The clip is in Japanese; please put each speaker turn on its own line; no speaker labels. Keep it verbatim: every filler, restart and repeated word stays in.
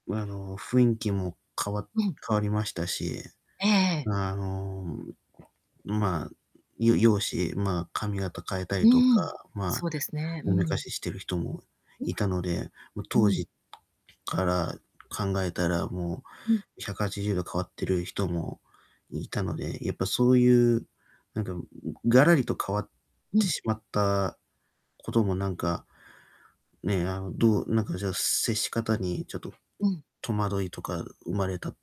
あの、雰囲気も変わ
うん。
変わりましたし、
ええええ。
あの、ま、よ容姿ま、髪型変えた
う
りと
ー
か、
ん、
ま、
そうですね、う
おめか
ん。
ししてる人も
うん。
いたので、ま、
う
当
ん。
時から考えたらも
うん。
うひゃくはちじゅうど変わってる人もいたので、やっぱそういう、なんか、ガラリと変わっ
う
て
ん。
しまったこともなんか、ねえ、あの、どうなんかじゃあ、接し方にちょっと
うん。
戸惑いとか生まれた